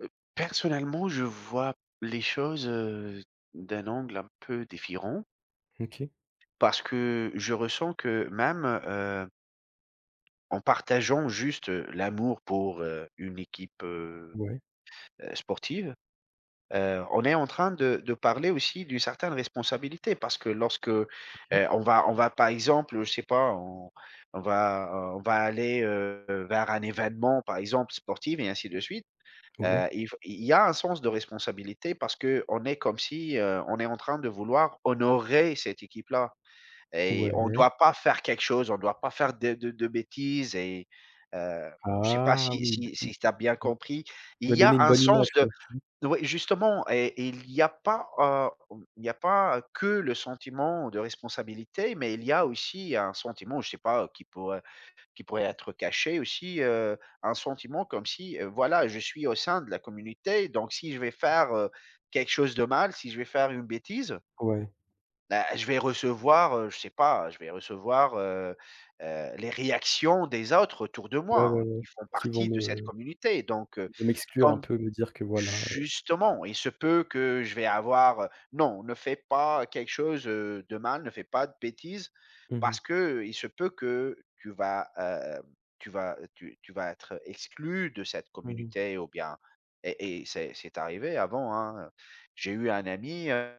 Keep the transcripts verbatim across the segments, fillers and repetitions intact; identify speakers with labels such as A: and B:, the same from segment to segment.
A: Heu, personnellement, je vois les choses, heu, d'un angle un peu défirent.
B: OK.
A: Parce que je ressens que même, heu, en partageant juste, heu, l'amour pour, heu, une équipe, heu,
B: Ouais.
A: sportive. Heu, on est en train de de parler aussi d'une certaine responsabilité, parce que lorsque, heu,
B: OK.
A: on va on va par exemple, je sais pas, on on va, heu, on va aller, heu, vers un événement, par exemple, sportive et ainsi de suite. Heu,
B: Ouais.
A: il f il il y a un sens de responsabilité parce qu'on est comme si, heu, on est en train de vouloir honorer cette équipe-là et on
B: Ouais.
A: doit pas faire quelque chose on doit pas faire de de de bêtises et heu, je sais pas
B: Ah,
A: si
B: oui!
A: si
B: On on
A: si tu as bien compris. Il
B: on va
A: y a
B: donner une
A: un
B: bonne
A: sens
B: image,
A: de
B: quoi. Si?
A: de oui, justement et et il y a pas, heu, il n'y a pas que le sentiment de responsabilité, mais il y a aussi un sentiment, je sais pas, heu, qui pourrait qui pourrait être caché aussi, heu, un sentiment comme si, heu, voilà, je suis au sein de la communauté, donc si je vais faire, heu, quelque chose de mal, si je vais faire une bêtise
B: Ouais.
A: beh, je vais recevoir, heu, je sais pas, je vais recevoir, heu heu, les réactions des autres autour de
B: Ouais, ouais,
A: moi.
B: ouais,
A: Ils font
B: qui vont
A: partie
B: me,
A: de cette
B: heu,
A: communauté. Donc heu,
B: qui vont m'exclure un
A: comme
B: peu, me dire que voilà, heu
A: justement, il se peut que je vais avoir: «Heu, non, ne fais pas quelque chose, heu, de mal, ne fais pas de bêtises,
B: Mmh mh.
A: parce qu'il se peut que que tu vas, heu, tu vas tu tu vas être, heu, exclu de cette
B: Mmh mh.
A: communauté» ou bien et et c'est c'est arrivé avant, hein. J'ai eu un ami, heu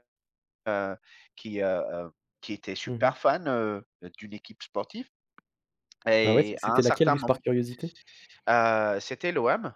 A: heu, qui, heu heu, qui était
B: Mmh mh.
A: super fan, heu, d'une équipe sportive
B: Ah ouais, c'est
A: et à un
B: c'était laquelle,
A: certain
B: juste par
A: moment
B: curiosité?
A: heu, c'était l'OM.